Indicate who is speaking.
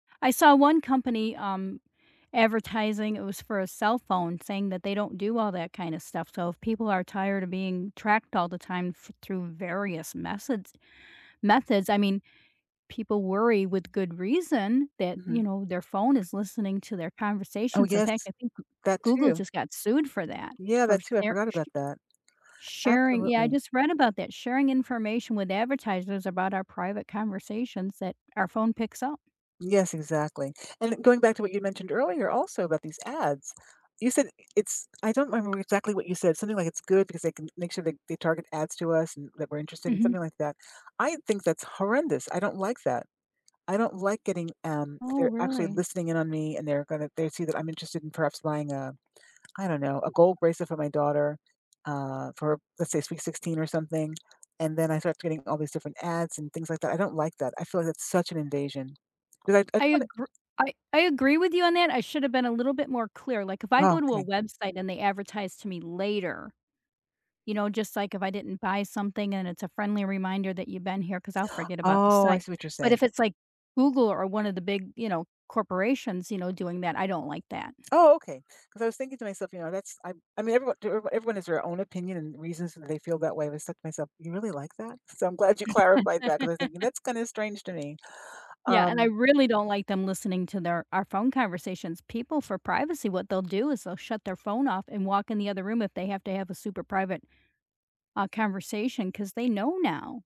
Speaker 1: I saw one company, um, advertising it was for a cell phone saying that they don't do all that kinda stuff. So if people are tired of being tracked all the time th through various methods methods. I mean, people worry with good reason that, you
Speaker 2: Mhm.
Speaker 1: know, their phone is listening to their
Speaker 2: Oh,
Speaker 1: conversations. In fact,
Speaker 2: yes.
Speaker 1: I think G
Speaker 2: That
Speaker 1: Google
Speaker 2: too.
Speaker 1: just got sued for that
Speaker 2: Yeah,
Speaker 1: for
Speaker 2: that too. I
Speaker 1: sar
Speaker 2: forgot
Speaker 1: sh
Speaker 2: about that.
Speaker 1: sharing yeah, I
Speaker 2: Absolutely.
Speaker 1: just read about that, sharing information with advertisers about our private conversations that our phone picks up.
Speaker 2: Yes, exactly. And going back to what you mentioned earlier also about these ads, you said it's I don't remember exactly what you said, something like it's good because they can make sure, like, they target ads to us and that we're interested in
Speaker 1: Mhm.
Speaker 2: something like that. I think that's horrendous. I don't like that. I don't like getting, um,
Speaker 1: Oh,
Speaker 2: they're actually
Speaker 1: really?
Speaker 2: listening in on me and they're gonna they see that I'm interested in perhaps buying a I don't know, a gold bracelet for my daughter, uh, for let's say sweet 16 or something, and then I start getting all these different ads and things like that. I don't like that. I feel like that's such an invasion, 'cause I I
Speaker 1: I
Speaker 2: just wanna
Speaker 1: agr I I agree with you on that. I should’ve been a little bit more clear. Like, if I
Speaker 2: Oh,
Speaker 1: go to a
Speaker 2: okay.
Speaker 1: website and they advertise to me later, you know, just, like, if I didn't buy something and it's a friendly reminder that you've been here, 'cause I'll forget about the
Speaker 2: Oh, I
Speaker 1: site.
Speaker 2: see what you're
Speaker 1: But
Speaker 2: saying.
Speaker 1: if it's like Google or one of the big, you know, corporations, you know, doing that, I don't like that.
Speaker 2: Oh, okay. 'Cause I was thinking to myself, you know, that's I I mean, everyone d everyone has their own opinion and reasons that they feel that way. I said to myself, "You really like that?" So I'm glad you clarified that 'cause I was thinking, "That's kinda strange to me."
Speaker 1: Yeah, and I
Speaker 2: Um
Speaker 1: really don't like them listening to their our phone conversations. People for privacy, what they'll do is they'll shut their phone off and walk in the other room if they have to have a super private, uh, conversation 'cause they know now.